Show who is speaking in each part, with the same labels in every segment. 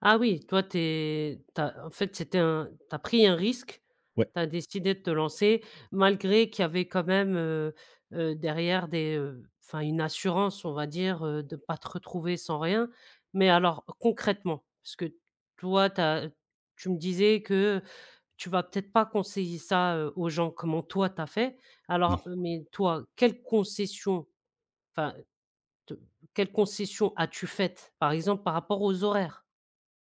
Speaker 1: Ah oui, toi, tu es tu as en fait c'était un tu as pris un risque,
Speaker 2: Ouais.
Speaker 1: tu as décidé de te lancer malgré qu'il y avait quand même, heu heu, derrière des, heu, enfin une assurance on va dire, heu, de pas te retrouver sans rien. Mais alors concrètement, parce que toi, tu as t tu me disais que, heu, tu vas peut-être pas conseiller ça, heu, aux gens, comment toi tu as fait. Alors,
Speaker 2: Non.
Speaker 1: mais toi, quelle concession, enfin, te quelle concession as-tu faite par exemple par rapport aux horaires?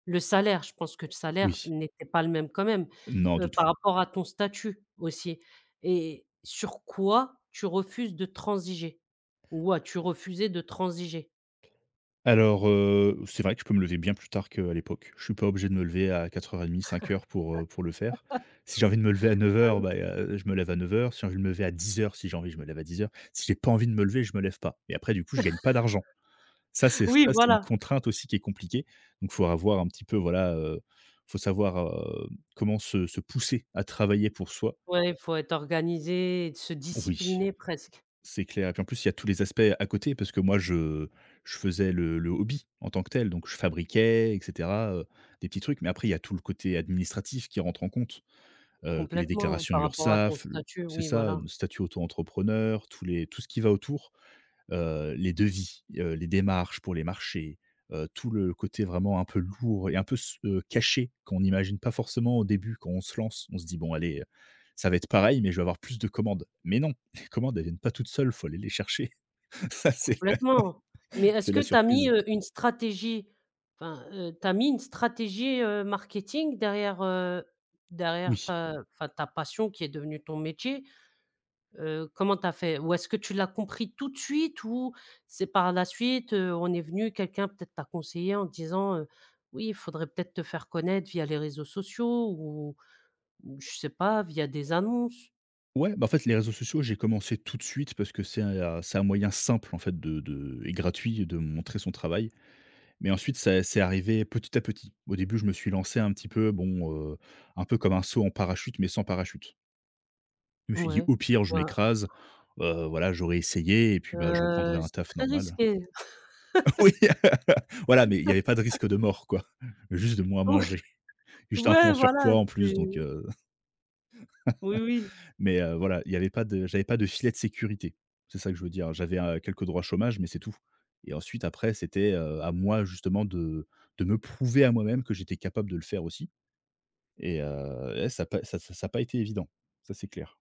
Speaker 1: Le salaire, je pense que le salaire
Speaker 2: Oui.
Speaker 1: n'était pas le même quand même,
Speaker 2: Non,
Speaker 1: heu,
Speaker 2: du tout.
Speaker 1: par rapport à ton statut, aussi, et sur quoi tu refuses de transiger? Ou as-tu refusé de transiger?
Speaker 2: Alors, heu, c'est vrai que je peux me lever bien plus tard que, heu, à l'époque. Je suis pas obligé de me lever à 04:30, 05:00 pour, heu pour le faire. Si j'ai envie de me lever à 9
Speaker 1: Ah
Speaker 2: heures,
Speaker 1: oui.
Speaker 2: bah, heu heu, je me lève à 9 heures, si j'ai envie de me lever à 10 heures, si j'ai envie, je me lève à 10 heures. Si j'ai pas envie de me lever, je me lève pas. Et après du coup, je gagne pas d'argent. Ça c'est ça
Speaker 1: Oui,
Speaker 2: c'est une
Speaker 1: voilà.
Speaker 2: contrainte aussi qui est compliquée. Donc faut avoir un petit peu, voilà, heu, faut savoir, heu, comment se se pousser à travailler pour soi.
Speaker 1: Ouais, il faut être organisé et de se
Speaker 2: Oui,
Speaker 1: discipliner presque.
Speaker 2: c'est clair. Et puis en plus, il y a tous les aspects à côté, parce que moi, je je faisais le le hobby en tant que tel donc je fabriquais et cetera, heu, des petits trucs mais après il y tout le côté administratif qui rentre en compte. Heu, que les
Speaker 1: Complètement,
Speaker 2: déclarations
Speaker 1: par rapport à ton
Speaker 2: Urssaf le
Speaker 1: statut,
Speaker 2: c'est
Speaker 1: oui,
Speaker 2: ça, heu,
Speaker 1: voilà.
Speaker 2: le statut auto-entrepreneur, tous les tout ce qui va autour, heu, les devis, heu, les démarches pour les marchés, heu, tout le côté vraiment un peu lourd et un peu s heu, caché qu'on imagine pas forcément au début quand on se lance, on se dit: «bon allez, heu, ça va être pareil, mais je vais avoir plus de commandes.» Mais non, les commandes, elles viennent pas toutes seules, faut aller les chercher. Ça c'est,
Speaker 1: Complètement. Mais est-ce
Speaker 2: c'est
Speaker 1: que
Speaker 2: la
Speaker 1: tu as mis,
Speaker 2: surprise!
Speaker 1: heu, une stratégie enfin, heu, tu as mis une stratégie heu, marketing, derrière, heu, derrière
Speaker 2: Oui.
Speaker 1: ta enfin ta passion qui est devenue ton métier. Heu, comment tu as fait? Ou est-ce que tu l'as compris tout de suite ou c'est par la suite, heu, on est venu, quelqu'un peut-être t'a conseillé en disant, heu, «Oui, il faudrait peut-être te faire connaître via les réseaux sociaux ou ou je sais pas, via des annonces».
Speaker 2: Ouais, bah, en fait les réseaux sociaux, j'ai commencé tout de suite parce que c'est, heu c'est un moyen simple en fait de de et gratuit de montrer son travail. Mais ensuite c'est c'est arrivé petit à petit. Au début, je me suis lancé un petit peu, bon, heu, un peu comme un saut en parachute, mais sans parachute. Je me suis dit
Speaker 1: Ouais,
Speaker 2: au pire je
Speaker 1: voi
Speaker 2: m'écrase, heu, voilà, j'aurais essayé et puis, bah, je
Speaker 1: Heu,
Speaker 2: reprendrai un
Speaker 1: c'est
Speaker 2: taf
Speaker 1: très
Speaker 2: normal, hein.
Speaker 1: risqué.
Speaker 2: Oui, voilà mais il y avait pas de risque de mort quoi, juste de moins
Speaker 1: Ou
Speaker 2: manger. J'étais un peu en
Speaker 1: ouais, voilà,
Speaker 2: surpoids en plus
Speaker 1: c'est
Speaker 2: donc, heu,
Speaker 1: Oui, oui.
Speaker 2: mais, heu, voilà, il y avait pas de j'avais pas de filet de sécurité. C'est ça que je veux dire, heu, j'avais, heu, quelques droits chômage, mais c'est tout. Et ensuite après, c'était, heu, à moi justement de de me prouver à moi-même que j'étais capable de le faire aussi. Et heu et ça a pas ça ça a pas été évident. Ça, c'est clair.